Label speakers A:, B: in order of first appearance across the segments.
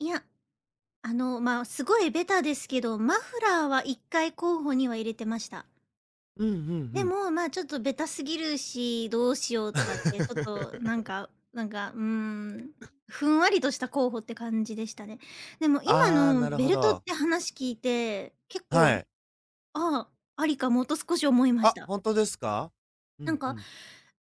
A: いや、あのま、すごいベタですけど、マフラーは1回候補には入れてました。
B: うんうんう
A: で
B: ん。
A: も、ま、ちょっとベタすぎるし、どうしようとかってちょっとなん かなんか、うーん、
B: う。
A: ふんわりとした
B: あ。
A: 候補って感じでしたね。でも今
B: ああ、
A: の
B: なる
A: ベ
B: ほ
A: ルトっ
B: ど。
A: て話聞いて、結構、
B: はい。
A: ああ、ありかもと少し思いまし
B: あ、
A: た。
B: ほんとですか。う
A: なん
B: んう
A: か
B: ん。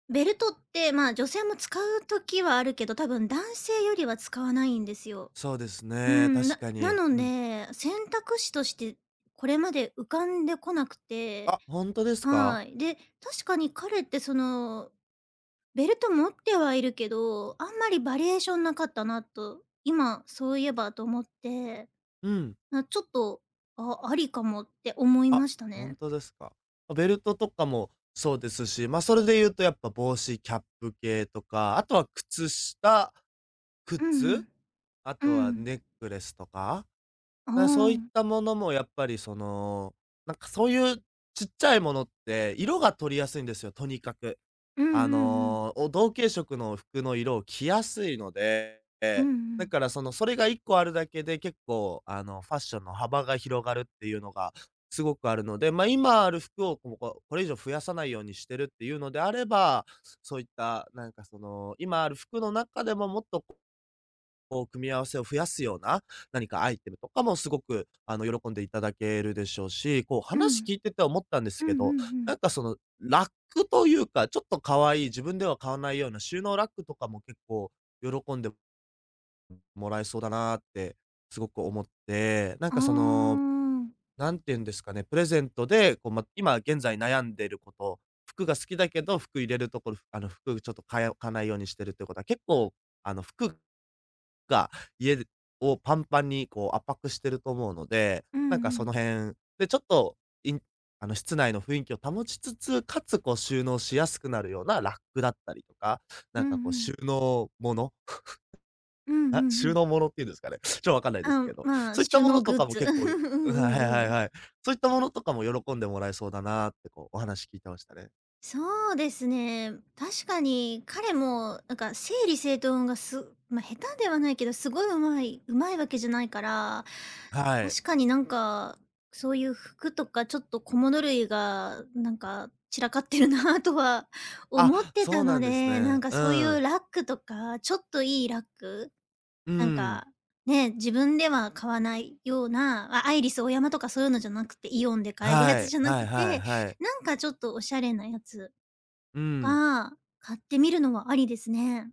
A: ベルトってまあ女性も使う時はあるけど、多分男性よりは使わないんですよ。
B: そうです
A: うー
B: ね、
A: ん、
B: 確
A: な
B: か
A: な
B: に、
A: の
B: うん。
A: で、選択肢としてこれまで浮かんでこなくて。
B: あ、ほんとですか。
A: はい。で、確かに彼ってそのベルト持ってはいるけど、あんまりバリエーションなかったなと今そういえばと思って。
B: うん。
A: あ、ちょっと、あ、ありかもって思い
B: あ、
A: ました
B: ほん
A: ね。
B: とですか。まあ、ベルトとかもそうですし、まあ、それで言うとやっぱ帽子、キャップ系とか、あとは靴下、
A: うんう
B: 靴、
A: ん。
B: あ
A: うー
B: とは
A: ん。
B: ネックレスとか。
A: うー
B: まあ、そういっ
A: ん。
B: たものもやっぱりその、なんかそういう小っちゃいものって色が取りやすいんですよ、とにかく。
A: うんう
B: あ
A: んうん。
B: の、お同系色の服の色を着やすいので、え
A: うん
B: え、
A: う
B: だ
A: ん。
B: からそのそれが1個あるだけで、結構あのファッションの幅が広がるっていうのが、すごくあるので、まあ、今ある服をこうこう、これ以上増やさないようにしてるっていうのであれば、そういった、なんかその今ある服の中でももっとこう組み合わせを増やすような、何かアイテムとかもすごくあの喜んでいただけるでしょうし、こう
A: う
B: 話
A: ん。
B: 聞いてて思ったんです
A: うんうんう
B: けど、なん
A: ん。
B: かその、ラックというか、ちょっと可愛い自分では買わないような収納ラックとかも結構喜んでもらえそうだなってすごく思って。なん
A: あ
B: か、その、
A: あ。
B: なんていうんですかね、プレゼントで、こう、ま、今現在悩んでること、服が好きだけど、服入れるところ、あの、服ちょっとかえおかないようにしてるっていうことは、結構、あの、服が、家をパンパンにこう圧迫していると思うので、
A: うんう
B: なんかその
A: ん。
B: 辺、で、ちょっと、いんあの、室内の雰囲気を保ちつつ、かつこう収納しやすくなるようなラックだったりとか、
A: う
B: なん
A: んう
B: かこう
A: ん。
B: 収納もの
A: うんうん
B: あ、
A: う
B: 収
A: ん。
B: 納ものっていうんですかね、ちょっとわかんないです
A: ああ、
B: けど、
A: まあ
B: そういった
A: 収
B: も
A: 納
B: のと
A: グ
B: か
A: ッ
B: も
A: ズ。
B: 結構いい
A: う
B: うん、はいはい
A: んう
B: はい
A: ん。
B: はい。そういったものとかも喜んでもらえそうだなあってこう、お話聞いてましたね。
A: そうですね。確かに彼もなんか整理整頓がすま、下手ではないけど、すごいうまいうまいわけじゃないから、
B: はい。
A: 確かになんかそういう服とかちょっと小物類がなんか散らかってるなとは
B: あ、
A: 思ってた
B: そう
A: の
B: なんです
A: で、なん
B: ね。
A: か
B: う
A: そういう
B: ん。
A: ラックとか、ちょっといいラック。
B: うー
A: なん
B: ん。
A: か、ね、自分では買わないような、あ、アイリスオーヤマとかそういうのじゃなくて、イオンで買えるや
B: は
A: つ
B: い、
A: じゃな
B: はい
A: く
B: はい
A: て、
B: はい。
A: なんかちょっとおしゃれなやつ
B: うん。
A: は、買ってみるのもありですね。